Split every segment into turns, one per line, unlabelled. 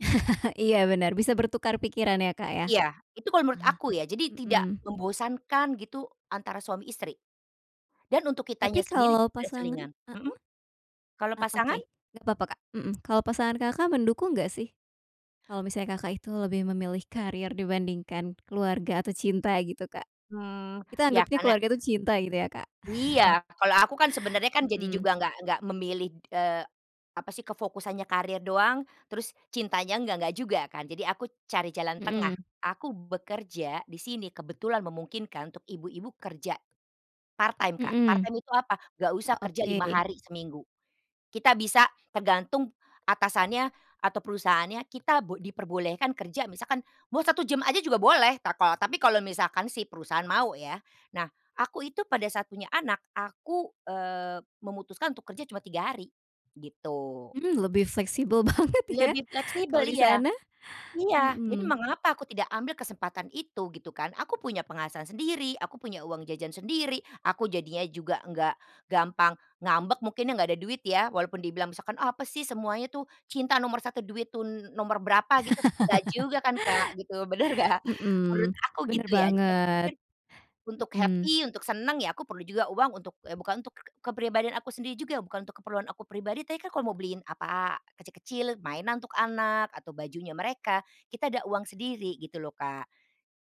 Iya bener. Bisa bertukar pikiran ya, Kak, ya.
Iya. Itu kalau menurut aku ya, jadi tidak
Mhm.
membosankan gitu antara suami-istri. Dan untuk
Tapi
kitanya sendiri
kalau
juga
pasangan
selingan.
heeh.
Mhm, kalau
Eee, oke
pasangan?
nggak apa-apa, Kak, mhm. Kalau pasangan Kakak mendukung enggak sih, kalau misalnya Kakak itu lebih memilih karir dibandingkan keluarga atau cinta gitu, Kak.
Mmm.
Kita
Iya
anggepnya
karena
keluarga itu cinta gitu ya, Kak.
Iya. Kalau aku kan sebenernya kan jadi
Mhm.
juga enggak enggak memilih, eee, apa sih, ke fokusannya karir doang terus cintanya, enggak enggak juga kan. Jadi aku cari jalan tengah.
Mhm.
Aku bekerja di sini kebetulan memungkinkan untuk ibu-ibu kerja, part time, Kak. Part
Mhm.
time itu apa? Enggak usah
Oh,
kerja 5
oke.
hari seminggu. Kita bisa tergantung atasannya atau perusahaannya, kita bo diperbolehkan kerja misalkan mau 1 jam saja juga boleh, tako tapi kalau misalkan si perusahaan mau ya. Nah, aku itu pada saat punya anak aku, eee, memutuskan untuk kerja cuma 3 hari, gitu.
Mmm, lebih fleksibel banget ya
Lebih fleksibel
kalau di
iya.
sana.
Iya, jadi
Mhm.
mengapa aku tidak ambil kesempatan itu gitu kan. Aku punya penghasilan sendiri, aku punya uang jajan sendiri, aku jadinya juga enggak gampang ngambek mungkin ya enggak ada duit ya. Walaupun dibilang misalkan, "Apa sih, semuanya tuh cinta nomor 1, duit tuh nomor berapa," gitu. Enggak juga kan, Kak, gitu, bener enggak? Menurut
Mhm.
aku
Bener
gitu ya,
banget,
[unintelligible] untuk
mmm.
happy, untuk seneng ya aku perlu juga uang untuk eee, bukan untuk kepribadian aku sendiri juga bukan untuk keperluan aku pribadi, tapi kan kalau mau beliin apa, kecil kecil mainan untuk anak, atau bajunya mereka, kita ada uang sendiri gitu loh, Kak.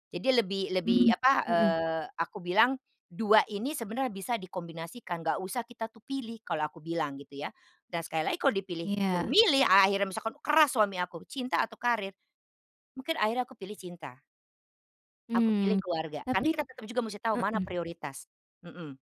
Jadi lebih
Mmm,
lebih apa,
mhm.
eee, aku bilang, 2 ini sebenarnya bisa dikombinasikan, enggak usah kita tuh pilih kalau aku bilang gitu ya. Dan sekali lagi kalau dipilih suruh
Iya.
milih akhirnya misalkan keras suami aku, cinta atau karir? Mungkin akhirnya aku pilih cinta. Aku pilih
Mmm.
keluarga. Karena
Tapi
kita tetap juga mesti tahu mana
Mhm.
prioritas, mhm.